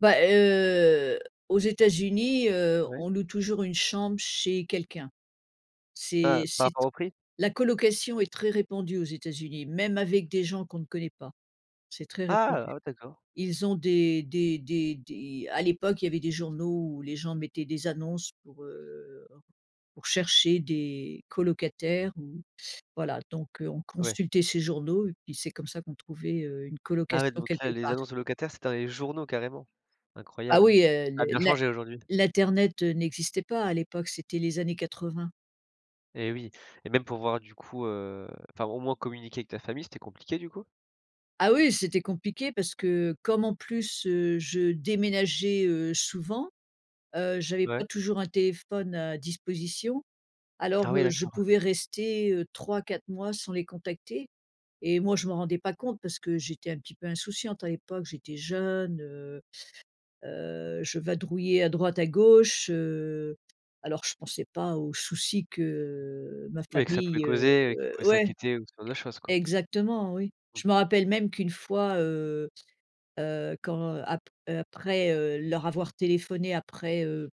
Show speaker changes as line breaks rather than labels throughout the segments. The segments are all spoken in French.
Bah, heu, aux États-Unis, heu,
Ouais.
on loue toujours une chambre chez quelqu'un.
Ah,
C'est
par
c'est t
rapport au prix?
la colocation est très répandue aux États-Uni. Même avec des gens qu'on ne connaît pas, c'est très
Ah,
répandu.
oh d'accord.
Ils ont des des des des à l'époque il y avait des journaux où les gens mettaient des annonces pour, heu pour chercher des colocataires ou voilà donc, heu, on
Ouais.
consultait ces journaux et puis c'est comme ça qu'on trouvait, heu, une
Ah ouais,
colocation
donc là
quelque
les
part.
annonces de locataires, c'était dans les journaux carrément,
Ah
incroyable.
oui, heu,
Ça a
le
bien
l'in
changé aujourd'hui.
l'internet, heu, n'existait pas à l'époque, c'était les années 80.
Et oui et même pour voir du coup, heu enfin au moins communiquer avec ta famille, c'était compliqué du coup?
Ah oui, c'était compliqué parce que comme en plus, heu, je déménageais, heu, souvent, heu, j'avais pas
Ouais.
toujours un téléphone à disposition, alors,
Ah oui,
heu, je
d'accord.
pouvais rester, heu, 3-4 mois sans les contacter et moi je m'en rendais pas compte parce que j'étais un petit peu insouciante à l'époque. J'étais jeune, heu heu, je vadrouillais à droite à gauche, heu, alors je pensais pas au souci que, heu, ma
Oui, que ça pouvait
famille, heu
causer et qu'ils pouvaient
ouais
s'inquiéter ou ce genre de choses
et
quoi.
exactement oui.
Mmh.
Je me rappelle même qu'une fois, heu heu, quand ap après, heu, leur avoir téléphoné après, heu,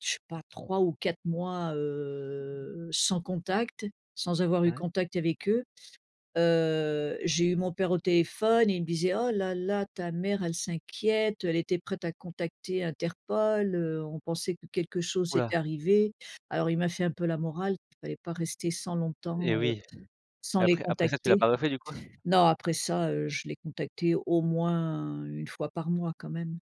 je sais pas 3 ou 4 mois, heu, sans contact, sans avoir eu
Ouais.
contact avec eux, heu, j'ai eu mon père au téléphone, il me disait: «Oh là, là ta mère elle s'inquiète, elle était prête à contacter Interpol, heu, on pensait que quelque chose
Ouh
était
là.
arrivé». Alors il m'a fait un peu la morale, qu'il fallait pas rester sans
Et
longtemps, heu
oui et
sans les
après après ça tu l'as
contacter.
pas refait du coup?
Non après ça, heu, je les contactais au moins 1 fois par mois quand même.